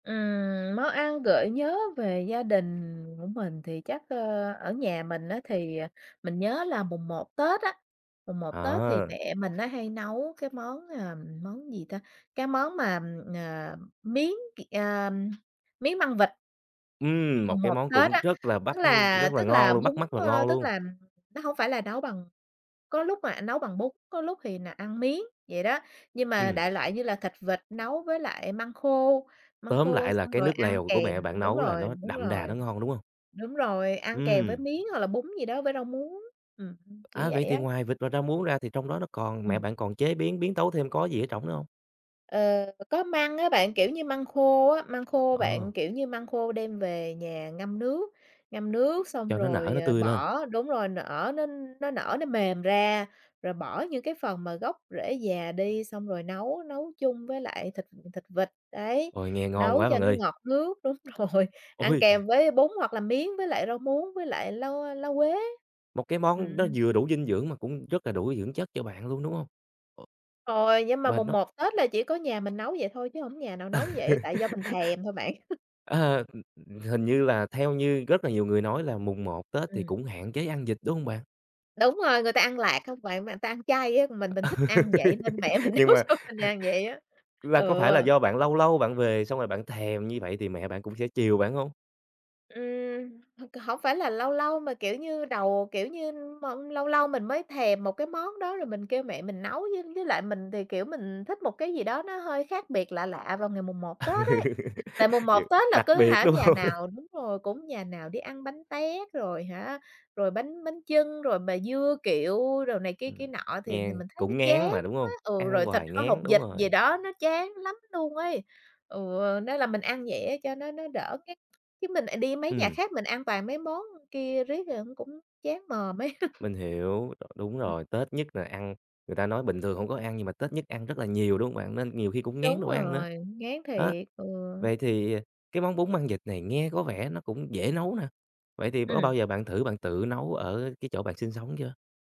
Ừm, món ăn gợi nhớ về gia đình của mình thì chắc, ờ, ở nhà mình á thì, ờ, mình nhớ là mùng một Tết á, mùng một Tết thì À. mẹ mình á hay nấu cái món, à, món gì ta? Cái món mà, ờ, miến c ờ, miến măng vịt. Ừm, một Mùng cái một món Tết cũng á, rất là bắt tức ưm, là rất là tức là ngon luôn, bún, bắt mắt và ơ, ngon tức luôn. là nó hông phải là nấu bằng có lúc mẹ nấu bằng bún, có lúc thì là ăn miến, vậy đó. Nhưng mà Ừm. đại loại như là thịt vịt nấu với lại măng khô, măng Tóm khô lại là xong cái rồi nước ăn lèo của kèm mẹ bạn đúng nấu là rồi, nó đúng đậm đà rồi. nó ngon, đúng hông? Đúng rồi, ăn kèm với Ừm. miến hoặc là bún gì đó với rau muống, ừm, ưm, kiểu À, vậy vậy thì á. ngoài vịt và rau muống ra thì trong đó nó còn mẹ Ừm. bạn còn chế biến, biến tấu thêm có gì ở trỏng nữa hông? Ờ, có măng á bạn, kiểu như, măng khô á, măng khô Ờ. bạn, kiểu như, măng khô đem về nhà ngâm nước, ngâm nước xong Cho nó nở, rồi, nó ờ, tươi lên. bỏ đúng rồi nở nó nó nở nó mềm ra, rồi bỏ những cái phần mà gốc rễ già đi, xong rồi nấu nấu chung với lại thịt thịt vịt, đấy, Ôi, nghe ngon nấu quá cho bạn nó ơi. ngọt nước. Đúng rồi, ăn Ôi! kèm với bún hoặc là miến, với lại rau muống, với lại lá, ơ, lá quế. Một cái món nó Ừm. vừa đủ dinh dưỡng mà cũng rất là đủ dưỡng chất cho bạn luôn, đúng hông? Ồ Rồi, nhưng mà và mùng nó một Tết là chỉ có nhà mình nấu vậy thôi chứ hổng có nhà nào Ờ. nấu vậy, tại do mình thèm thôi bạn. Ờ, ưm, hình như là theo như rất là nhiều người nói là mùng một Tết thì Ừm. cũng hạn chế ăn vịt, đúng hông bạn? Đúng rồi, người ta ăn lạt không bạn, mà người ta ăn chay á, mình mình thích ăn vậy nên mẹ mình Nhưng nấu mà cho mình ăn vậy á, là có ừ. phải là do bạn lâu lâu bạn về xong rồi bạn thèm như vậy thì mẹ bạn cũng sẽ chiều bạn hông? Ừm, h hổng phải là lâu lâu mà, kiểu như, đầu, kiểu như, m lâu lâu mình mới thèm một cái món đó rồi mình kêu mẹ mình nấu, với với lại mình thì, kiểu, mình thích một cái gì đó nó hơi khác biệt lạ lạ vào ngày mùng một Ừ, Tết ấy. Tại mùng một g Tết là đặc cứ biệt, hả đúng nhà hông? nào đúng rồi, cũng nhà nào đi ăn bánh tét rồi hả, rồi bánh bánh chưng, rồi mà dưa kiệu đồ này kia Ừm, kia nọ thì thì nghe mình thấy nó cũng chán ngán mà, đúng quá hông? ừ, rồi Ăn thịt hoài kho hột ngán, đúng vịt gì rồi. đó nó chán lắm luôn ấy. Ừ, nên là mình ăn vậy á cho nó nó đỡ ngán chứ mình, ờ, đi mấy nhà Ừm. khác mình ăn toàn mấy món kia riết rồi nó cũng chán mồm ấy. Mình hiểu, rồi đúng Ừm. rồi, Tết nhất là ăn người ta nói bình thường hông có ăn nhưng mà Tết nhất ăn rất là nhiều, đúng hông bạn? Nên nhiều khi cũng ngán đồ Đúng ăn nữa, rồi, ngán đó. thiệt, ừ. Vậy thì cái món bún măng vịt này nghe có vẻ nó cũng dễ nấu nè, vậy thì có Ừm. bao giờ bạn thử bạn tự nấu ở cái chỗ bạn sinh sống chưa?